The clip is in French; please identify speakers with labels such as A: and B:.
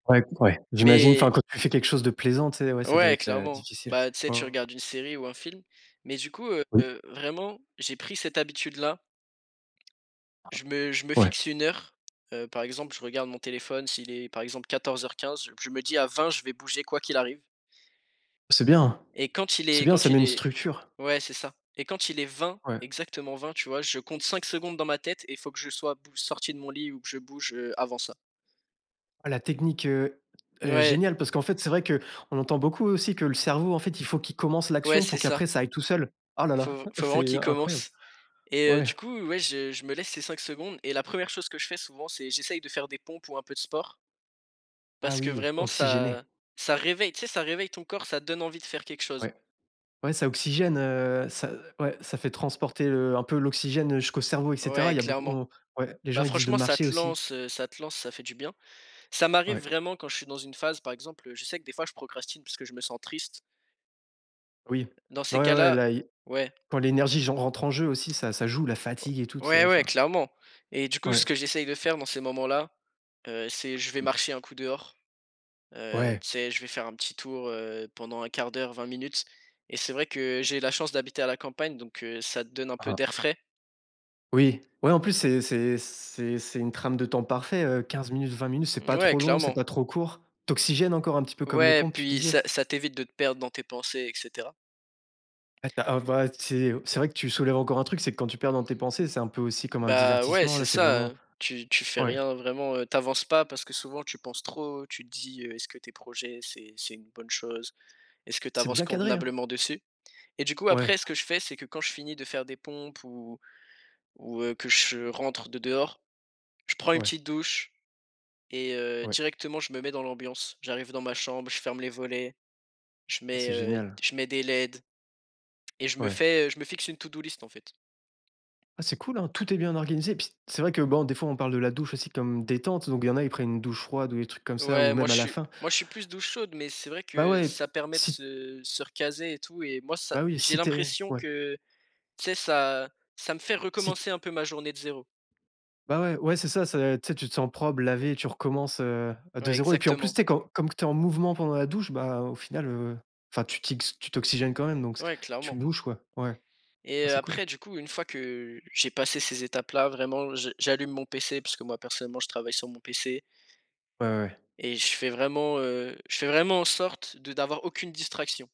A: Ouais, ouais, j'imagine enfin,
B: Mais
A: quand tu fais quelque chose de plaisant tu sais ouais, ça doit
B: ouais,
A: être, heu,
B: clairement.
A: difficile.
B: Bah, tu sais,
A: Ouais,
B: tu
A: ouais.
B: regardes une série ou un film, mais du coup, heu,
A: Oui.
B: vraiment j'ai pris cette habitude là,
A: [unintelligible]
B: je me je me
A: Ouais.
B: fixe 1 heure, heu, par exemple je regarde mon téléphone s'il est, par exemple 14:15, je me dis: «À 20 je vais bouger quoi qu'il arrive»
A: C'est bien!
B: et quand il
A: C'est
B: est
A: bien,
B: quand
A: ça met
B: il
A: une
B: est
A: structure.
B: ouais c'est ça et quand il est 20,
A: Ouais.
B: exactement 20 tu vois, je compte 5 secondes dans ma tête et il faut que je sois bou sorti de mon lit ou que je bouge, heu, avant ça.
A: La technique, heu heu,
B: Ouais.
A: géniale parce qu'en fait c'est vrai qu'on entend beaucoup aussi que le cerveau en fait, il faut qu'il commence
B: Ouais
A: l'action
B: c'est
A: pour
B: ça.
A: qu'après ça aille tout seul. Ah là là.
B: Faut v faut vraiment
A: C'est
B: qu'il
A: incroyable.
B: commence et heu,
A: Ouais.
B: du coup, ouais je je me laisse ces 5 secondes et la 1re chose que je fais souvent c'est j'essaye de faire des pompes ou un peu de sport
A: Ah
B: parce que
A: oui,
B: vraiment ça
A: oxygéné.
B: ça réveille, tu sais, ça réveille ton corps, ça te donne envie de faire quelque chose.
A: Ouais. Ouais ça oxygène, heu, ça, ouais, ça fait transporter, heu, un peu l'oxygène jusqu'au cerveau et cetera.
B: Ouais,
A: Il y a beaucoup,
B: clairement.
A: on ouais. Les
B: Bah,
A: gens ils disent de
B: franchement ça
A: marcher
B: te
A: aussi.
B: lance, heu, ça te lance, ça fait du bien. Ça m'arrive
A: Ouais.
B: vraiment quand je suis dans une phase par exemple, je sais que des fois je procrastine parce que je me sens triste
A: Oui.
B: dans
A: Ouais,
B: ces
A: ouais, ouais,
B: cas-là,
A: là il y a
B: ouais.
A: quand l'énergie genre rentre en jeu aussi ça, ça joue. La fatigue et tout tu sais,
B: Ouais, ouais,
A: enfin.
B: clairement et du coup ce
A: Ouais.
B: que j'essaye de faire dans ces moments là, heu, c'est je vais
A: Mmh.
B: marcher un coup dehors. Heu,
A: Ouais.
B: tu sais, je vais faire un petit tour, heu, pendant 1/4 d'heure, 20 minutes et c'est vrai que j'ai la chance d'habiter à la campagne donc heu, ça te donne un peu
A: Ah.
B: d'air frais.
A: Oui. Ouais, en plus, c'est c'est c'est c'est une trame de temps parfait, heu, 15 minutes, 20 minutes, c'est pas
B: Ouais,
A: trop long, c'est
B: clairement.
A: pas trop court. Tu oxygènes encore un petit peu, comme les
B: Ouais,
A: pompes, tu
B: puis
A: disais.
B: ça ça t'évite de te perdre dans tes pensées et cetera.
A: Ah tu as, ah bah tu sais. C'est vrai que tu soulèves encore un truc, c'est que quand tu te perds dans tes pensées c'est un peu aussi comme un
B: Bah, ouais
A: divertissement,
B: c'est
A: là c'est
B: ça,
A: vraiment
B: heu, tu tu fais
A: ouais.
B: rien vraiment, heu, tu avances pas parce que souvent tu penses trop, tu te dis: «Heu, est-ce que tes projets c'est c'est une bonne chose? Est-ce que tu
A: C'est
B: avances
A: bien cadré, hein!
B: convenablement dessus?» Et du coup
A: Ouais.
B: après ce que je fais, c'est que quand je finis de faire des pompes ou ou, heu, que je rentre de dehors, je prends une
A: Ouais.
B: petite douche et heu,
A: Ouais.
B: directement je me mets dans l'ambiance. J'arrive dans ma chambre, je ferme les volets, je
A: Ah
B: mets,
A: c'est
B: heu,
A: génial!
B: je mets des leds et je me
A: Ouais.
B: fais, heu, je me fixe une to do list en fait.
A: Ah c'est cool hein! Tout est bien organisé. Puis c'est vrai que bon, des fois on parle de la douche aussi comme détente, donc il y en a ils prennent une douche froide ou des trucs comme ça, ou
B: Ouais moi
A: même
B: je
A: à la
B: suis,
A: fin.
B: moi je suis plus douche chaude, mais c'est vrai
A: Bah
B: que
A: ouais,
B: ça permet de
A: si
B: se se recaser et tout et moi ça,
A: Bah oui,
B: j'ai
A: si tu es
B: l'impression
A: ouais.
B: que, tu sais, ça, ça me fait
A: Si
B: recommencer un peu ma journée de 0.
A: Bah ouais. Ouais c'est ça c'est, tu sais, tu te sens propre, lavé, tu recommences, heu,
B: Ouais,
A: de 0 et puis en plus
B: exactement.
A: tu sais comme comme tu es en mouvement pendant la douche bah au final, heu, enfin tu t'yx tu t'oxygènes quand même donc c'est,
B: Ouais,
A: tu
B: clairement.
A: bouges, quoi. Ouais.
B: Et
A: Ah,
B: heu
A: c'est cool.
B: après du coup une fois que j'ai passé ces étapes là vraiment, je j'allume mon pc, puisque moi personnellement je travaille sur mon pc
A: Ouais, ouais, ouais.
B: et je fais vraiment, heu, je fais vraiment en sorte de n'avoir aucune distraction.